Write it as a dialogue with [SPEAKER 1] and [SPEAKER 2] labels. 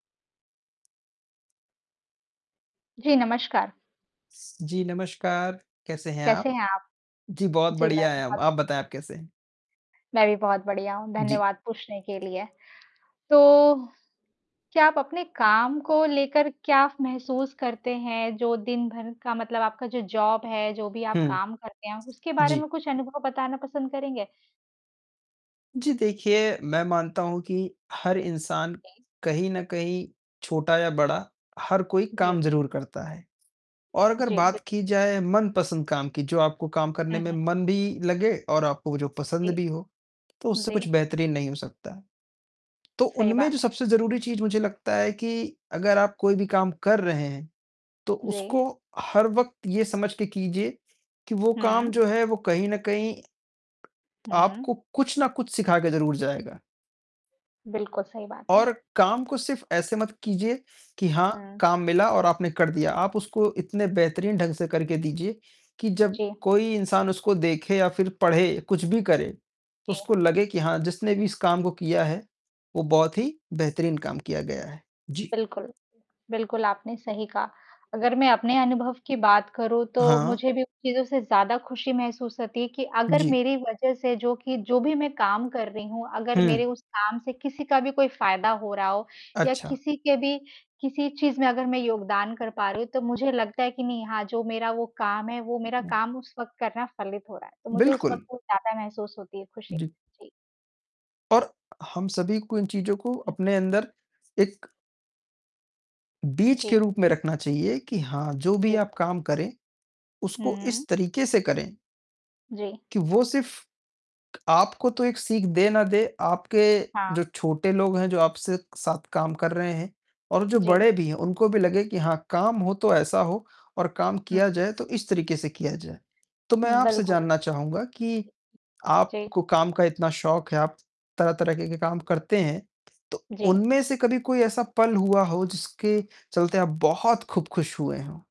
[SPEAKER 1] जी, नमस्कार।
[SPEAKER 2] जी, नमस्कार। कैसे हैं
[SPEAKER 1] कैसे
[SPEAKER 2] आप?
[SPEAKER 1] हैं आप?
[SPEAKER 2] जी, बहुत
[SPEAKER 1] जी, मैं
[SPEAKER 2] बढ़िया हैं हम।
[SPEAKER 1] बहुत
[SPEAKER 2] आप बताएँ आप कैसे हैं?
[SPEAKER 1] मैं भी बहुत बढ़िया हूँ,
[SPEAKER 2] जी।
[SPEAKER 1] धन्यवाद पूछने के लिए। तो क्या आप अपने काम को लेकर क्या महसूस करते हैं? जो दिन भर का मतलब आपका जो जॉब है, जो भी आप
[SPEAKER 2] हुँ।
[SPEAKER 1] काम करते हैं, उसके बारे
[SPEAKER 2] जी।
[SPEAKER 1] में कुछ अनुभव बताना पसंद करेंगे?
[SPEAKER 2] जी देखिए, मैं मानता हूँ कि हर इंसान
[SPEAKER 1] जी।
[SPEAKER 2] कहीं न कहीं छोटा या बड़ा, हर कोई
[SPEAKER 1] जी।
[SPEAKER 2] काम ज़रूर करता है। और अगर
[SPEAKER 1] जी।
[SPEAKER 2] बात
[SPEAKER 1] बि
[SPEAKER 2] की जाए मनपसंद काम की, जो आपको काम करने
[SPEAKER 1] हुँ,
[SPEAKER 2] में
[SPEAKER 1] हुँ।
[SPEAKER 2] मन भी लगे और आपको वो जो पसंद
[SPEAKER 1] जी।
[SPEAKER 2] भी हो, तो उससे
[SPEAKER 1] जी।
[SPEAKER 2] कुछ बेहतरीन नहीं हो सकता। तो
[SPEAKER 1] सही
[SPEAKER 2] उनमें जो
[SPEAKER 1] बात है।
[SPEAKER 2] सबसे ज़रूरी चीज़ मुझे लगता है कि अगर आप कोई भी काम कर रहे हैं तो
[SPEAKER 1] जी।
[SPEAKER 2] उसको हर वक़्त ये समझ के कीजिए कि वो काम
[SPEAKER 1] हुँ।
[SPEAKER 2] जो है वो कहीं न कहीं
[SPEAKER 1] हुँ।
[SPEAKER 2] आपको कुछ ना कुछ सिखाकर ज़रूर जाएगा।
[SPEAKER 1] बिल्कुल सही बात है।
[SPEAKER 2] और काम को सिर्फ़ ऐसे मत कीजिए कि हाँ,
[SPEAKER 1] हुँ।
[SPEAKER 2] काम मिला और आपने कर दिया। आप उसको इतने बेहतरीन ढंग से करके दीजिए कि जब
[SPEAKER 1] जी।
[SPEAKER 2] कोई इंसान उसको देखे या फ़िर पढ़े कुछ भी करे, तो
[SPEAKER 1] जी।
[SPEAKER 2] उसको लगे कि हाँ जिसने भी इस काम को किया है वो बहुत ही बेहतरीन काम किया गया है। जी।
[SPEAKER 1] बिल्कुल। बिल्कुल, आपने सही कहा। अगर मैं अपने अनुभव की बात करूँ तो
[SPEAKER 2] हाँ।
[SPEAKER 1] मुझे भी उन चीज़ों से ज़्यादा ख़ुशी महसूस होती है कि अगर
[SPEAKER 2] जी।
[SPEAKER 1] मेरी वजह से जो कि जो भी मैं काम कर रही हूँ। अगर
[SPEAKER 2] हुँ।
[SPEAKER 1] मेरे उस काम से किसी का भी कोई फ़ायदा हो रहा हो, या
[SPEAKER 2] अच्छा।
[SPEAKER 1] किसी के भी किसी चीज़ में अगर मैं योगदान कर पा रही हूँ, तो मुझे लगता है कि नहीं हाँ, जो मेरा वो काम है, वो मेरा
[SPEAKER 2] हुँ।
[SPEAKER 1] काम उस वक़्त करना फलित हो रहा है। तो मुझे उस
[SPEAKER 2] बिल्कुल।
[SPEAKER 1] वक़्त बहुत ज़्यादा महसूस होती है ख़ुशी।
[SPEAKER 2] जी।
[SPEAKER 1] जी।
[SPEAKER 2] और, हम सभी को इन चीज़ों को
[SPEAKER 1] हुँ।
[SPEAKER 2] अपने अंदर एक बीज के
[SPEAKER 1] जी।
[SPEAKER 2] रूप में रखना चाहिए कि हाँ, जो भी आप
[SPEAKER 1] बिल्कुल।
[SPEAKER 2] काम करें उसको
[SPEAKER 1] हुँ।
[SPEAKER 2] इस तरीके से करें
[SPEAKER 1] जी।
[SPEAKER 2] कि वो सिर्फ़ आपको तो एक सीख दे ना दे, आपके
[SPEAKER 1] हाँ।
[SPEAKER 2] जो छोटे लोग हैं, जो आपसे साथ काम कर रहे हैं। और जो
[SPEAKER 1] जी।
[SPEAKER 2] बड़े भी हैं उनको भी लगे कि हाँ काम हो तो ऐसा हो और काम
[SPEAKER 1] हुँ,
[SPEAKER 2] किया
[SPEAKER 1] हुँ।
[SPEAKER 2] जाए तो इस तरीके से किया जाए। तो मैं आपसे
[SPEAKER 1] बिल्कुल।
[SPEAKER 2] जानना चाहूँगा कि
[SPEAKER 1] जी।
[SPEAKER 2] आपको काम का इतना शौक है, आप तरह-तरह के काम करते हैं। तो
[SPEAKER 1] जी।
[SPEAKER 2] उनमें से कभी कोई ऐसा पल हुआ हो जिसके चलते आप बहुत खूब ख़ुश हुए हों?